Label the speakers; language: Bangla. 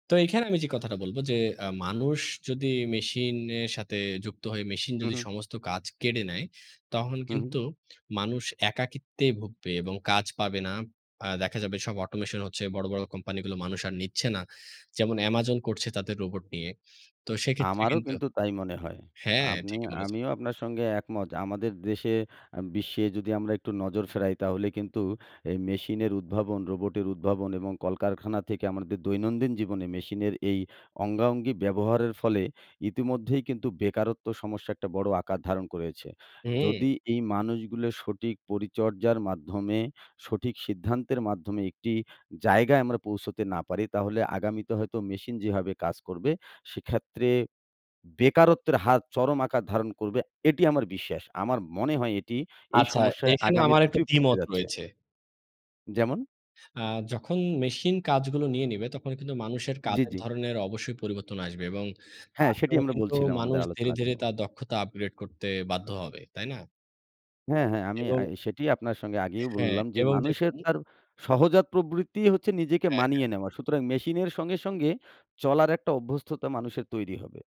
Speaker 1: তো এখানে আমি যে কথাটা বলব যে আ মানুষ যদি মেশিনের সাথে যুক্ত হয়ে মেশিন
Speaker 2: হু,
Speaker 1: যদি
Speaker 2: হু।
Speaker 1: সমস্ত কাজ কেড়ে নেয়, তখন
Speaker 2: হু।
Speaker 1: কিন্তু মানুষ একাকিত্বেই ভুগবে এবং কাজ পাবে না। আ দেখা যাবে সব অটোমেশন হচ্ছে। বড়, বড় কোম্পানিগুলো মানুষ আর নিচ্ছে না। যেমন Amazon করছে তাদের রোবট নিয়ে। তো সেক্ষেত্রে
Speaker 2: আমারও
Speaker 1: কিন্তু
Speaker 2: কিন্তু তাই মনে হয়।
Speaker 1: হ্যাঁ,
Speaker 2: আমি
Speaker 1: ঠিকই বলেছেন।
Speaker 2: আমিও আপনার সঙ্গে একমত। আমাদের দেশে আ বিশ্বে যদি আমরা একটু নজর ফেরাই তাহলে কিন্তু এই মেশিনের উদ্ভাবন, রোবটের উদ্ভাবন এবং কলকারখানা থেকে আমাদের দৈনন্দিন জীবনে মেশিনের এই অঙ্গাঅঙ্গি ব্যবহারের ফলে ইতিমধ্যেই কিন্তু বেকারত্ব সমস্যা একটা বড় আকার ধারণ করেছে।
Speaker 1: হু।
Speaker 2: যদি এই মানুষগুলো সঠিক পরিচর্যার মাধ্যমে সঠিক সিদ্ধান্তের মাধ্যমে একটি জায়গায় আমরা পৌঁছতে না পারি তাহলে আগামীতে হয়তো মেশিন যেভাবে কাজ করবে সেক্ষেত্রে বেকারত্বের হাত চরম আকার ধারণ করবে। এটি আমার বিশ্বাস। আমার মনে হয় এটি এই
Speaker 1: আচ্ছা
Speaker 2: সমস্যায়
Speaker 1: এখানে
Speaker 2: আগামির
Speaker 1: আমার একটু
Speaker 2: পৃথিবী পড়তে
Speaker 1: দ্বিমত
Speaker 2: যাচ্ছে।
Speaker 1: রয়েছে।
Speaker 2: যেমন?
Speaker 1: আ যখন মেশিন কাজগুলো নিয়ে নিবে তখন কিন্তু মানুষের
Speaker 2: জি,
Speaker 1: কাজের
Speaker 2: জি।
Speaker 1: ধরনের অবশ্যই পরিবর্তন আসবে এবং
Speaker 2: হ্যাঁ,
Speaker 1: তার
Speaker 2: সেটি
Speaker 1: জন্য
Speaker 2: আমরা
Speaker 1: কিন্তু
Speaker 2: বলছিলাম আমাদের
Speaker 1: মানুষ ধীরে, ধীরে
Speaker 2: আলোচনাতেও।
Speaker 1: তার দক্ষতা আপগ্রেড করতে বাধ্য হবে। তাই না?
Speaker 2: হ্যাঁ, হ্যাঁ, আমি
Speaker 1: এবং
Speaker 2: আ সেটিই আপনার সঙ্গে আগেই
Speaker 1: হ্যাঁ,
Speaker 2: বললাম, যে
Speaker 1: এবং
Speaker 2: মানুষের
Speaker 1: দেখুন
Speaker 2: তার সহজাত প্রবৃত্তিই হচ্ছে নিজেকে
Speaker 1: হ্যাঁ, হ্যাঁ।
Speaker 2: মানিয়ে নেওয়া। সুতরাং মেশিন এর সঙ্গে, সঙ্গে চলার একটা অভ্যস্ততা মানুষের তৈরি হবে।